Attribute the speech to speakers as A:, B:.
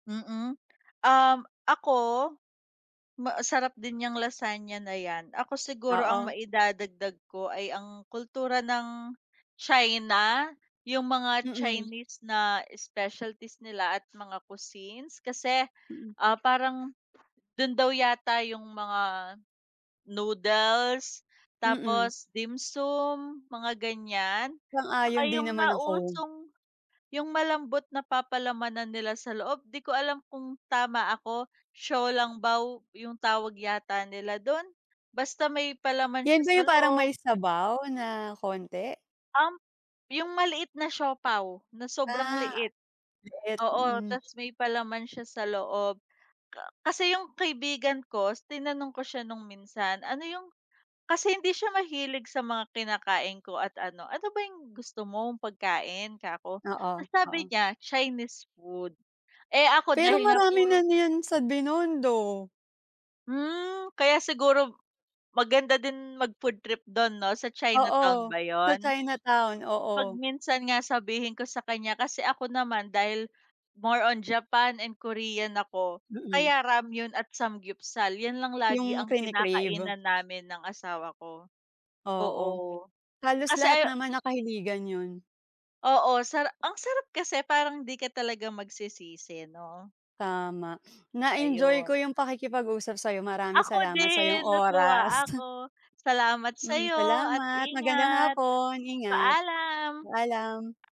A: Mm. Um, ako, ma sarap din niyang lasagna na 'yan. Ako siguro, ang
B: Oo.
A: maidadagdag ko ay ang kultura ng China. Yung mga
B: Mm.
A: Chinese na specialties nila at mga cuisines kasi,
B: Mm.
A: ah, parang dun daw yata yung mga noodles,
B: Mm.
A: tapos dimsum, mga ganiyan. Tsaka
B: Sang-ayon din
A: yung
B: naman ako.
A: nausong, yung malambot na papalamanan nila sa loob. 'Di ko alam kung tama ako, 小笼包 yung tawag yata nila dun. Basta may palaman siya
B: 'Yan ba
A: sa
B: yung parang
A: loob.
B: may sabaw na konti?
A: Um, yung maliit na siopao na sobrang
B: Ah,
A: liit.
B: maliit,
A: Oo,
B: mm.
A: ta's may palaman siya sa loob. Ka kasi yung kaibigan ko is tinanong ko siya nung minsan, ano yung kasi hindi siya mahilig sa mga kinakain ko at ano, ano ba yung gusto mong pagkain kako,
B: Oo.
A: ta's sabi niya, Chinese food. Eh, ako
B: Pero
A: dahil nga
B: marami na
A: puro
B: niyan sa Binondo.
A: Hmm, kaya siguro maganda din mag-food trip 'don 'no, sa
B: Oo,
A: Chinatown ba
B: sa
A: 'yon?
B: Chinatown, oo.
A: 'Pag minsan nga sabihin ko sa kanya, kasi ako naman dahil more on Japan and Korean ako,
B: Mm.
A: kaya ramyeon at samgyupsal. 'Yan lang
B: Yung
A: lagi ang
B: kini-crave.
A: kinakainan namin ng asawa ko.
B: Oo,
A: Oo,
B: halos
A: kasi
B: lahat
A: ayaw
B: naman nakahiligan 'yon.
A: Oo, sara ang sarap kasi parang 'di ka talaga magsisisi 'no?
B: Tama. Na-enjoy ko
A: Ayun.
B: yung pakikipag-usap sa'yo, maraming
A: Ako
B: salamat sa'yong
A: din,
B: oras.
A: natuwa ako. Salamat
B: Mm,
A: sa'yo at
B: salamat. Magandang
A: ingat.
B: hapon, ingat.
A: Paalam.
B: Paalam.